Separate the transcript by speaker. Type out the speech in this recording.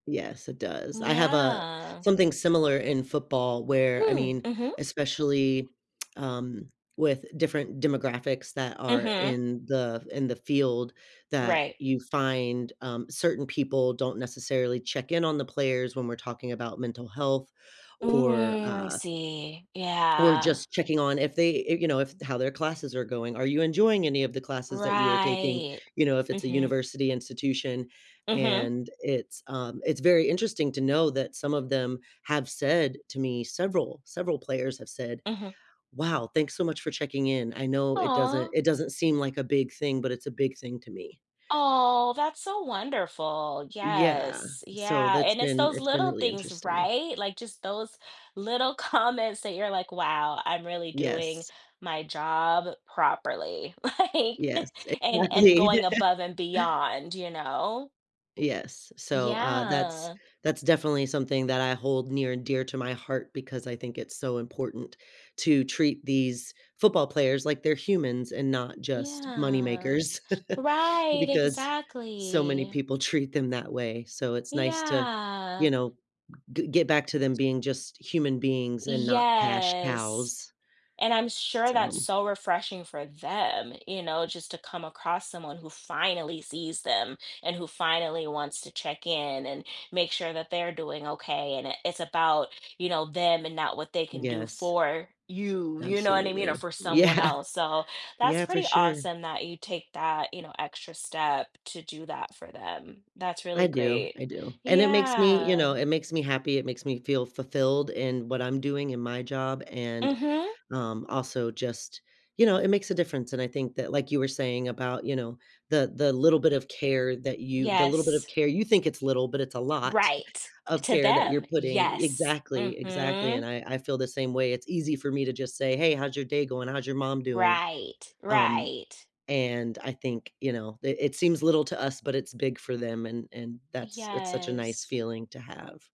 Speaker 1: Yes, it
Speaker 2: N
Speaker 1: does. I have, uh,
Speaker 2: yeah.
Speaker 1: something similar in football where, I
Speaker 2: Mm,
Speaker 1: mean,
Speaker 2: mhm.
Speaker 1: especially, um, with different demographics that are
Speaker 2: Mhm.
Speaker 1: in the in the field that
Speaker 2: Right.
Speaker 1: you find, um, certain people don't necessarily check in on the players when we're talking about mental health or,
Speaker 2: Mhm, I
Speaker 1: uh
Speaker 2: see,
Speaker 1: or
Speaker 2: yeah.
Speaker 1: just checking on if they, eh, you know, if how their classes are going. "Are you enjoying any of the classes that you are taking?"
Speaker 2: Right,
Speaker 1: you know, if it's a
Speaker 2: mhm.
Speaker 1: university institution,
Speaker 2: Mhm.
Speaker 1: and it's, um, it's very interesting to know that some of them have said to me,
Speaker 2: M
Speaker 1: several, several players have said,
Speaker 2: Mhm.
Speaker 1: "Wow, thanks so much for checking in. I know it doesn't
Speaker 2: Aw.
Speaker 1: it doesn't seem like a big thing, but it's a big thing to me."
Speaker 2: Aw, that's so wonderful.
Speaker 1: Yeah.
Speaker 2: Yes,
Speaker 1: So
Speaker 2: yeah,
Speaker 1: that's
Speaker 2: and it's
Speaker 1: been
Speaker 2: those
Speaker 1: it's been
Speaker 2: little
Speaker 1: really
Speaker 2: things,
Speaker 1: interesting.
Speaker 2: right? Like just those little comments that you're like, wow, I'm really doing
Speaker 1: Yes.
Speaker 2: my job properly, like,
Speaker 1: Yes,
Speaker 2: and and
Speaker 1: exactly.
Speaker 2: going above and beyond, you know?
Speaker 1: Yes. So, uh, that's,
Speaker 2: Yeah.
Speaker 1: that's definitely something that I hold near and dear to my heart because I think it's so important to treat these football players like they're humans and not just money
Speaker 2: Yeah.
Speaker 1: makers,
Speaker 2: Right,
Speaker 1: because so many
Speaker 2: exactly.
Speaker 1: people treat them that way. So it's nice to, you
Speaker 2: Yeah.
Speaker 1: know, g get back to them being just human beings and not cash
Speaker 2: Yes,
Speaker 1: cows
Speaker 2: and I'm sure that's
Speaker 1: so
Speaker 2: so refreshing for them, you know, just to come across someone who finally sees them and who finally wants to check in and make sure that they're doing okay, and it it's about, you know, them and not what they can do
Speaker 1: Yes.
Speaker 2: for you, you know what I mean, or
Speaker 1: Absolutely.
Speaker 2: for someone
Speaker 1: Yeah.
Speaker 2: else. So that's
Speaker 1: Yeah, for
Speaker 2: pretty
Speaker 1: sure.
Speaker 2: awesome that you take that, you know, extra step to do that for them, that's
Speaker 1: I
Speaker 2: really
Speaker 1: do,
Speaker 2: great
Speaker 1: I do. And it makes me, you
Speaker 2: yeah.
Speaker 1: know, it makes me happy, it makes me feel fulfilled in what I'm doing in my job and,
Speaker 2: Mhm.
Speaker 1: um, also just, you know, it makes a difference, and I think that like you were saying about, you know, the the little bit of care that you the little bit of
Speaker 2: Yes.
Speaker 1: care, you think it's little, but it's a lot
Speaker 2: Right.
Speaker 1: of
Speaker 2: To
Speaker 1: care that you're
Speaker 2: them,
Speaker 1: putting
Speaker 2: yes.
Speaker 1: Exactly, exactly, and
Speaker 2: Mhm.
Speaker 1: I, I feel the same way. It's easy for me to just say, "Hey, how's your day going? How's your mom doing?"
Speaker 2: Right,
Speaker 1: um,
Speaker 2: right.
Speaker 1: and I think, you know, it it seems little to us, but it's big for them, and and that's it's such a nice
Speaker 2: Yes.
Speaker 1: feeling to have.